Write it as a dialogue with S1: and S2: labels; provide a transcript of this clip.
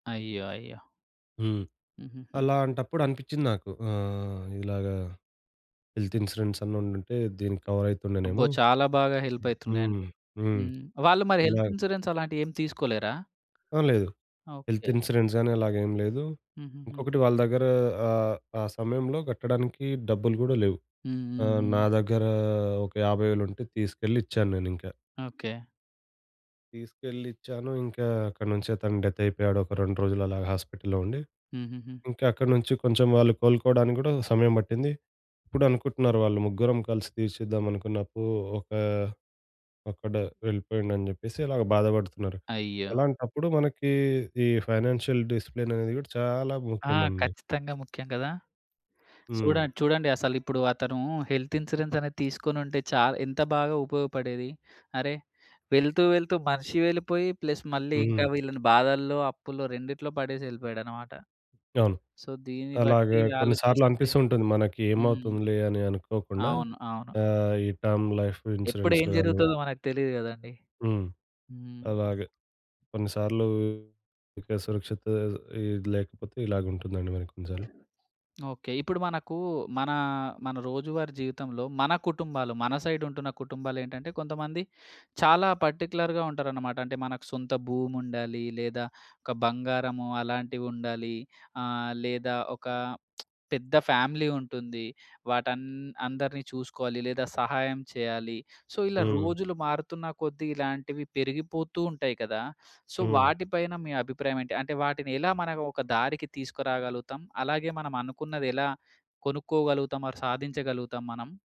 S1: అయ్యో! అయ్యో!
S2: హ్మ్.
S1: హుహుహు.
S2: అలాంటప్పుడు అనిపించింది నాకు ఆహ్, ఇలాగా హెల్త్ ఇన్స్యూరెన్స్ అన్న ఉండుంటే దీనికి
S1: అబ్బో!
S2: కవరయితుండేనేమో.
S1: చాలా బాగా హెల్ప్ అయితుండే అండి.
S2: హ్మ్. హ్మ్.
S1: హ్మ్. వాళ్ళు మరి హెల్త్
S2: అలాగ్
S1: ఇన్స్యూరెన్స్ అలాంటివి ఏం తీసుకోలేరా?
S2: ఆ! లేదు. Health
S1: okay.
S2: ఇన్సూరెన్స్ గాని అలాగేం లేదు.
S1: హుహుహు.
S2: ఇంకొకటి వాళ్ళ దగ్గర ఆహ్, ఆ సమయంలో కట్టడానికి డబ్బులు గూడా లేవు.
S1: హ్మ్. హ్మ్.
S2: ఆహ్,
S1: హ్మ్.
S2: నా దగ్గర ఒక 50,000 ఉంటే తీసుకెళ్ళి ఇచ్చాను నేనింక.
S1: ఓకే.
S2: తీసుకెళ్ళి ఇచ్చాను ఇంకా అక్కడి నుంచే తను డెత్ అయిపోయాడు ఒక 2 రోజులు అలాగా హాస్పిటల్‌లో ఉండి.
S1: హుహుహు.
S2: ఇంకా అక్కడ్నుంచి కొంచెం వాళ్ళు కోలుకోవడానికి గూడా సమయం బట్టింది. ఇప్పుడు అనుకుంటున్నారు వాళ్ళు ముగ్గురం కలిసి తీర్చెద్దాం అప్పు ఒకా అక్కడ వెళ్ళిపోయిండు అని చెప్పేసి అలాగా బాధపడుతున్నారు.
S1: అయ్యో!
S2: అలాంటప్పుడు మనకి ఈ ఫైనాన్షియల్ డిసిప్లిన్ అనేది కూడా చాలా
S1: ఆ!
S2: ముఖ్యం అండి.
S1: ఖచ్చితంగా ముఖ్యం గదా!
S2: హ్మ్.
S1: చూడండి చూడండి. అసలు ఇప్పుడు అతను హెల్త్ ఇన్స్యూరెన్స్ అనేది తీసుకొనుంటే చా ఎంత బాగా ఉపయోగపడేది. అరె వెళ్తూ, వెళ్తూ మనిషి వెళ్ళిపోయి. ప్లస్ మళ్ళీ
S2: హ్మ్.
S1: ఇంకా వీళ్ళని బాధల్లో అప్పుల్లో, రెండిట్లో పడేసెళ్ళిపోయాడనమాట.
S2: అవును.
S1: సో, దీన్ని
S2: అలాగ
S1: బట్టి
S2: కొన్ని సార్లు
S1: ఆలోచిస్తే
S2: అనిపిస్తూ ఉంటుంది. మనకి
S1: హ్మ్.
S2: ఏమవుతుందిలే అని అనుకోకుండా
S1: అవును. అవును.
S2: ఆహ్, ఈ టర్మ్ లైఫ్
S1: ఎప్పుడేం
S2: ఇన్స్యూరెన్సులు గాని
S1: జరుగుతదో మనకు తెలీదు గదండీ.
S2: హ్మ్.
S1: హ్మ్. అస్
S2: అలాగ. కొన్నిసార్లు ఇక్కడ సురక్షిత ఈ లేకపోతే, ఇలాగుంటుందండి మరి కొన్నిసార్లు.
S1: ఓకే. ఇప్పుడు మనకు మన, మన రోజువారీ జీవితంలో మన కుటుంబాలు మన సైడ్ ఉంటున్న కుటుంబాలేంటంటే కొంతమంది చాలా పార్టిక్యులర్‌గా ఉంటారనమాట. అంటే, మనకు సొంత భూమి ఉండాలి లేదా ఒక బంగారము అలాంటివుండాలి. ఆహ్, లేదా ఒక పెద్ద ఫ్యామిలీ ఉంటుంది. వాటన్ అందరిని చూసుకోవాలి లేదా సహాయం చేయాలి. సో, ఇలా
S2: హ్మ్.
S1: రోజులు మారుతున్న కొద్దీ ఇలాంటివి పెరిగిపోతూ ఉంటాయి కదా! సో,
S2: హ్మ్.
S1: వాటి పైన మీ అభిప్రాయమేంటి? అంటే వాటిని ఎలా మనం ఒక దారికి తీసుకురాగలుగుతాం? అలాగే మనం అనుకున్నది ఎలా కొనుక్కోగలుగుతాం, ఆర్ సాధించగలుగుతాం మనం?